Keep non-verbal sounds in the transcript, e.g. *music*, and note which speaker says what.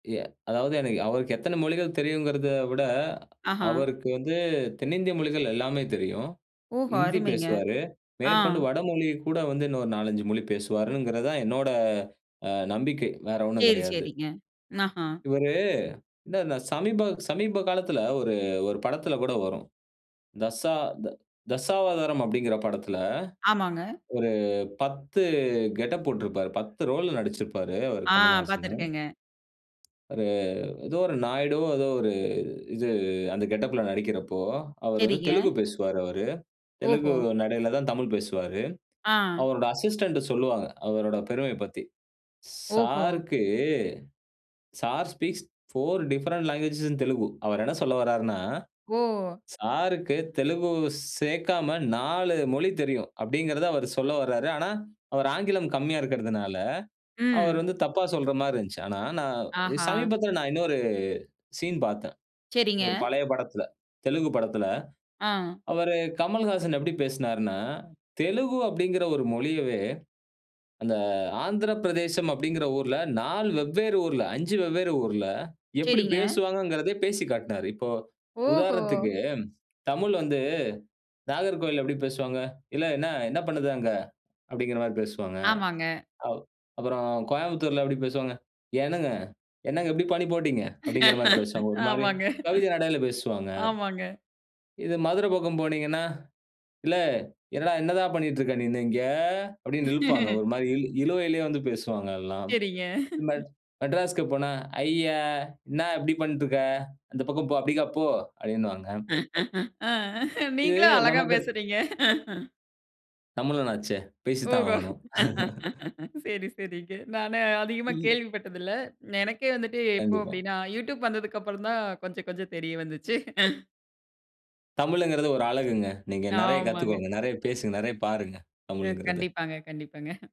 Speaker 1: எ அதாவது எனக்கு அவருக்கு எத்தன மொழிகள் தெரியுங்கறத விட,
Speaker 2: ஆஹா.
Speaker 1: அவருக்கு வந்து தென்னிந்திய மொழிகள் எல்லாமே தெரியும்.
Speaker 2: ஓஹோ!
Speaker 1: ஹிந்தி
Speaker 2: அருமைங்க.
Speaker 1: பேசுவாரு,
Speaker 2: ஆ.
Speaker 1: மேற்கொண்டு வடமொழிய கூட வந்து இன்னொரு 4, 5 மொழி பேசுவாருங்கறதான் என்னோட அ நம்பிக்கை, வேற ஒண்ணும்
Speaker 2: சரி
Speaker 1: கிடையாது.
Speaker 2: சரிங்க. அஹா.
Speaker 1: இவரு இந்த சமீப சமீப காலத்துல ஒரு ஒரு படத்துல கூட வரும். தசா "தசாவதாரம்" அப்டிங்கற படத்துல,
Speaker 2: ஆமாங்க.
Speaker 1: ஒரு 10 கெட்டப் போட்டுருப்பாரு. 10 ரோல் நடிச்சிருப்பாரு அவரு
Speaker 2: ஆ!
Speaker 1: கமலஹாசன்.
Speaker 2: பாத்துருக்கேங்க.
Speaker 1: ஒரு ஏதோ ஒரு நாயுடு ஏதோ ஒரு இது அந்த கெட்டப்ல நடிக்கிறப்போ, அவர் வந்து
Speaker 2: சரிங்க.
Speaker 1: தெலுங்கு பேசுவார் அவர், தெலுங்கு
Speaker 2: ஓஹோ!
Speaker 1: நடையில தான் தமிழ் பேசுவார்.
Speaker 2: ஆ.
Speaker 1: அவரோட அசிஸ்டன்ட் சொல்லுவாங்க. அவரோட பெருமைய பத்தி,
Speaker 2: ஓஹோ!
Speaker 1: "சாருக்கு sir speaks 4 different language in Telugu." அவர் என்ன சொல்ல வரார்னா,
Speaker 2: ஓ!
Speaker 1: "சாருக்கு தெலுங்கு சேர்க்காம 4 மொழி தெரியும்" அப்டீங்கறத அவர் சொல்ல வராரு. ஆனா, அவர் ஆங்கிலம் கம்மியா இருக்கறதுனால, அவர்
Speaker 2: ம்.
Speaker 1: வந்து தப்பா சொல்ற மாரி இருந்துச்சு. ஆனா, நான்
Speaker 2: அஹா.
Speaker 1: சமீபத்தில நான் இன்னொரு சீன் பாத்தேன்.
Speaker 2: சரிங்க.
Speaker 1: ஒரு பழைய படத்துல, தெலுங்கு படத்துல
Speaker 2: ஆ.
Speaker 1: அவரு கமல்ஹாசன் எப்படி பேசினார்னா, தெலுங்கு அப்டிங்கற ஒரு மொழியவே, அந்த ஆந்திரப்பிரதேசம் அப்டிங்கற ஊர்ல 4 வெவ்வேறு ஊர்ல, 5 வெவ்வேறு ஊர்ல எப்டி
Speaker 2: சரிங்க.
Speaker 1: பேசுவாங்கங்கறதையு பேசிக் காட்னாரு. இப்போ
Speaker 2: ஓஹோ!
Speaker 1: உதாரணத்துக்கு தமிழ் வந்து நாகர்கோவில்ல எப்டி பேசுவாங்க? "எல என்ன என்ன பண்ணுத அங்க" அப்டிங்கற மாரி பேசுவாங்க.
Speaker 2: ஆமாங்க.
Speaker 1: அப் அப்பறம் கோயம்புத்தூர்ல எப்டி பேசுவாங்க? "ஏனுங்க என்னங்க இப்புடி பண்ணி போட்டீங்க" அப்டிங்கற மாரி
Speaker 2: *laughs*
Speaker 1: பேசுவாங்க. ஒரு மாரி
Speaker 2: ஆமாங்க.
Speaker 1: கவிதை நடையில பேசுவாங்க.
Speaker 2: ஆமாங்க.
Speaker 1: இது மதுரை பக்கம் போனீங்கன்னா, "எலே எல என்னால பண்ணீட்டு இருக்க நீனு இங்க" அப்டீன்னு இழுப்பாங்க.
Speaker 2: *chuckles*
Speaker 1: ஒரு மாரி இழு இழுவைலே வந்து பேசுவாங்க எல்லாம்.
Speaker 2: சரிங்க.
Speaker 1: மெட் மெட்ராஸ்க்கு போனா, "ஐயா! இன்னா இப்டி பண்டுருக்க இருக்க? அந்த பக்கம் போ, அப்டிக்கா போ" அப்டினுவாங்க.
Speaker 2: ஆ
Speaker 1: இது
Speaker 2: நீங்களும் அழகா
Speaker 1: நமக்கு,
Speaker 2: பேசுறீங்க.
Speaker 1: தமிழன்னாச்சே, பேசித்தான்
Speaker 2: ஓஹோ!
Speaker 1: ஆகணும். *chuckles*
Speaker 2: *laughs* சரி சரிங்க. நானு அதிகமா
Speaker 1: ம்.
Speaker 2: கேள்வி பட்டது இல்ல. எனக்கே வந்துட்டு எப்போ
Speaker 1: கண்டிப்பா.
Speaker 2: அப்டின்னா, "YouTube" வந்ததுக்கப்பறம் தான் கொஞ்சம் கொஞ்சம் தெரிய வந்துச்சு. *chuckles*
Speaker 1: தமிழுங்கறது ஒரு அழகுங்க. நீங்க நிறையா
Speaker 2: ஆமாங்க.
Speaker 1: கத்துக்கோங்க, நிறையா பேசுங்க, நிறைய பாருங்க
Speaker 2: அ,
Speaker 1: தமிழ்ங்கறத.
Speaker 2: கண்டிப்பாங்க, கண்டிப்பாங்க.